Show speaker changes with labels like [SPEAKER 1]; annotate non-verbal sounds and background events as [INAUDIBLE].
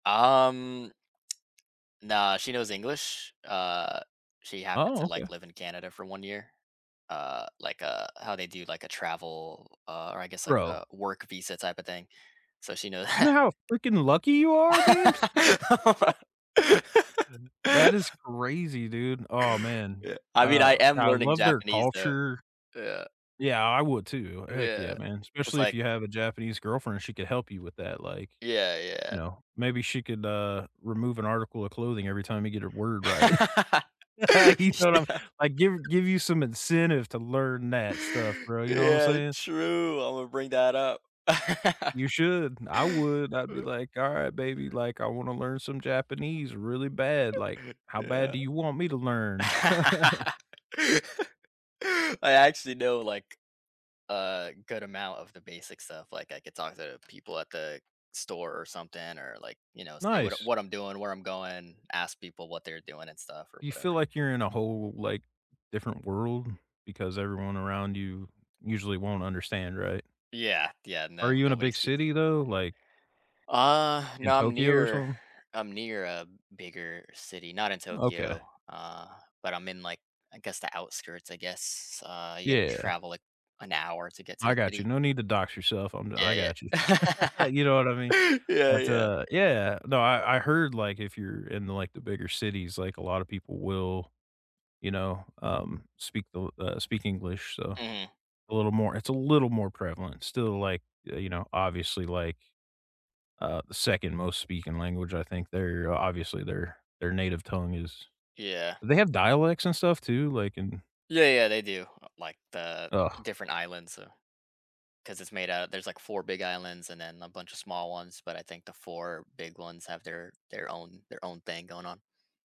[SPEAKER 1] Um, nah, she knows English. Uh, she happens
[SPEAKER 2] Oh,
[SPEAKER 1] to, like,
[SPEAKER 2] okay.
[SPEAKER 1] live in Canada for 1 year. Uh, like, uh, how they do, like, a travel, uh or I guess, like, a
[SPEAKER 2] Bro
[SPEAKER 1] work visa typa thing. So she know
[SPEAKER 2] You know how freaking lucky you
[SPEAKER 1] [LAUGHS] [LAUGHS]
[SPEAKER 2] are, man?
[SPEAKER 1] Oh
[SPEAKER 2] [LAUGHS] H n
[SPEAKER 1] my
[SPEAKER 2] that is
[SPEAKER 1] [LAUGHS]
[SPEAKER 2] crazy, dude. Aw, man.
[SPEAKER 1] Yeah. I mean, I
[SPEAKER 2] Uh,
[SPEAKER 1] am
[SPEAKER 2] yeah, I
[SPEAKER 1] learning
[SPEAKER 2] love their
[SPEAKER 1] Japanese though,
[SPEAKER 2] culture.
[SPEAKER 1] yeah.
[SPEAKER 2] Yeah, I would too, heck
[SPEAKER 1] Yeah,
[SPEAKER 2] yeah, man;
[SPEAKER 1] it's
[SPEAKER 2] especially if
[SPEAKER 1] like
[SPEAKER 2] you have a Japanese girlfriend, she could help you with that, like,
[SPEAKER 1] Yeah, yeah.
[SPEAKER 2] you know, maybe she could, uh, remove an article of clothing every time you get a word right.
[SPEAKER 1] [LAUGHS]
[SPEAKER 2] [LAUGHS] You know what I'm
[SPEAKER 1] Yeah.
[SPEAKER 2] like, give give you some incentive to learn that stuff, bro, you know what I'm
[SPEAKER 1] Yeah,
[SPEAKER 2] saying?
[SPEAKER 1] true. Imma bring that up. [LAUGHS]
[SPEAKER 2] You should, I would, I'd be like, "All right, baby, like, I wanna learn some Japanese really bad. Like,
[SPEAKER 1] [LAUGHS]
[SPEAKER 2] how bad
[SPEAKER 1] Yeah.
[SPEAKER 2] do you want me to learn?" [LAUGHS]
[SPEAKER 1] [LAUGHS] I actually know, like, a good amount of the basic stuff; like, I could talk to the people at the store or something or, like, you know, say what
[SPEAKER 2] Nice.
[SPEAKER 1] what I'm doing, where I'm going, ask people what they're doing and stuff or
[SPEAKER 2] You feel
[SPEAKER 1] whatever.
[SPEAKER 2] like you're in a whole, like, different world because everyone around you usually won't understand, right?
[SPEAKER 1] Yeah, yeah,
[SPEAKER 2] Are
[SPEAKER 1] no,
[SPEAKER 2] you in a
[SPEAKER 1] nobody
[SPEAKER 2] big
[SPEAKER 1] speaks
[SPEAKER 2] city though, like
[SPEAKER 1] Uh,
[SPEAKER 2] in
[SPEAKER 1] no, I'm
[SPEAKER 2] Tokyo or
[SPEAKER 1] near
[SPEAKER 2] something?
[SPEAKER 1] I'm near a bigger city, not in
[SPEAKER 2] Okay.
[SPEAKER 1] Tokyo, uh, but I'm in, like, I guess the outskirts, I guess. Uh, you gotta
[SPEAKER 2] Yeah.
[SPEAKER 1] travel, like, an hour to get to the
[SPEAKER 2] I got you,
[SPEAKER 1] city.
[SPEAKER 2] no need to dox yourself, I'm d
[SPEAKER 1] Yeah,
[SPEAKER 2] I got you.
[SPEAKER 1] yeah.
[SPEAKER 2] [CHUCKLES] You know what I mean?
[SPEAKER 1] [LAUGHS] Yeah,
[SPEAKER 2] But,
[SPEAKER 1] yeah.
[SPEAKER 2] uh, yeah. No, I I heard, like, if you're in, like, the bigger cities, like, a lotta people will, you know, um, speak the l uh, speak English, so
[SPEAKER 1] Mhm.
[SPEAKER 2] a little more it's a little more prevalent. Still, like, uh, you know, obviously, like, uh, the second most speaking language. I think there obviously their their native tongue is
[SPEAKER 1] Yeah.
[SPEAKER 2] They have dialects and stuff too, like in
[SPEAKER 1] Yeah, yeah, they do. Uh, like, the
[SPEAKER 2] Ugh.
[SPEAKER 1] different islands, so 'Cause it's made out there's, like, 4 big islands and then a buncha small ones, but I think the 4 big ones have their their own their own thing going on.